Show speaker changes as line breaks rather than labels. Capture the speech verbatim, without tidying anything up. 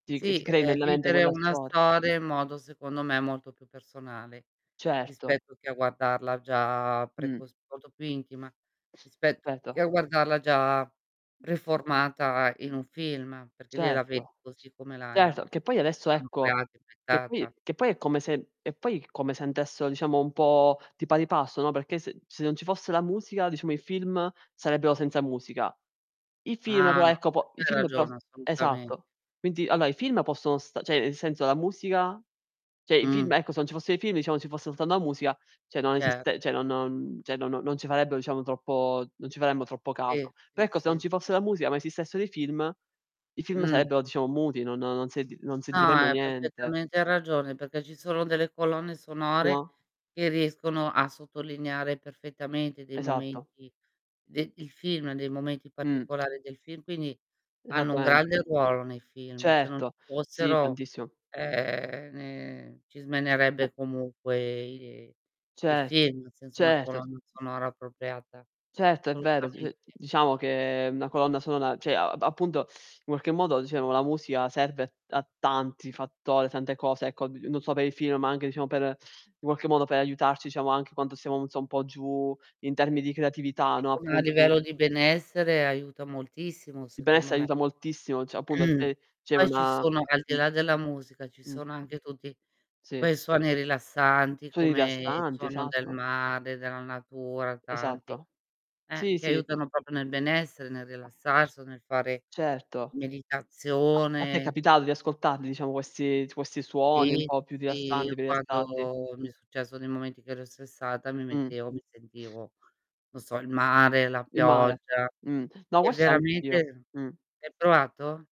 Ti c ti
Sì,
crei
ehm,
nella mente
vivere
quella
una
storia.
storia, in modo, secondo me, molto più personale,
Certo.
rispetto che a guardarla già
Mh.
[unintelligible] molto più intima rispetto che
cetto
a guardarla già riformata in un film, perché lì la
Certo.
vedi così come la
Certo, che poi adesso, ecco, che poi
[unintelligible]
che poi è come se e poi come se [unintelligible] diciamo un po' di pari passo, no, perché se se non ci fosse la musica, diciamo, i film sarebbero senza musica. I film
Ah,
però
[unintelligible] su
ecco, po i
questo hai
film però
ragione, assolutamen
esatto. quinti allora i film possono stare ceh nel senso, la musica ceh i
Mh.
film ecco, se non ci fossero i film diciamo ci fosse soltanto la musica, ceh non
Cer
esiste ceh non cioè non non non ci farebbero diciamo troppo non ci faremmo troppo
Si,
caso. Per
si,
ecco, se
si,
non ci fosse
si.
la musica ma esistessero i film, i film
Mh.
sarebbero diciamo muti, no no non senti non
No,
sentiremmo
hai
niente.
perfettamente ragione, perché ci sono delle colonne sonore,
No?
che riescono a sottolineare perfettamente dei
Esatto.
momenti de il film, dei momenti
Mh.
particolari del film, quindi hanno un
Esattamente.
grande ruolo nei film, se non ci
Certo, sì,
fossero
tantissimo.
ehm, ne ci
Eh
smenerebbe comunque i i
Cer
film senza una
certo, c
colonna sonora appropriata,
Certo, è vero. D
assolutamente.
diciamo che una colonna sonora ceh a appunto, in qualche modo dicemo, la musica serve a a tanti fattori, tante cose ecco, n-non so per i film, ma anche diciamo per in qualche modo, per aiutarci diciamo anche quando siamo un po' giù, in termi di creatività, no,
[unintelligible] a
appunto di
livello di benessere aiuta moltissimo
Il
secondo
benessere
me.
aiuta moltissimo, ceh appunto
Mh.
c'è c'è
Poi ci
una
sono, al di
mh.
là della musica, ci
Mh.
sono anche tutti
Si.
quei suoni rilassanti,
Suoni
come il
rilassanti,
suono del
esatto.
mare, della natura, tanti
Esatto.
eh,
Sì,
che
sì.
aiutano propio nel benessere, nel rilassarsi o nel fare
Certo. A te è
meditazione, e tutte
capitato di
queste cose.
ascoltarli, diciamo, questi questi suoni un
Si,
po' più
sì. Io
rilassanti, per i rilassarti?
quando mi è successo nei momenti che ero stressata mi
Mh.
mettevo mi sentivo, non so il mare, la
Il mare,
pioggia
mhmm, no
è
questo anch'io,
veramente
mh.
hai provato?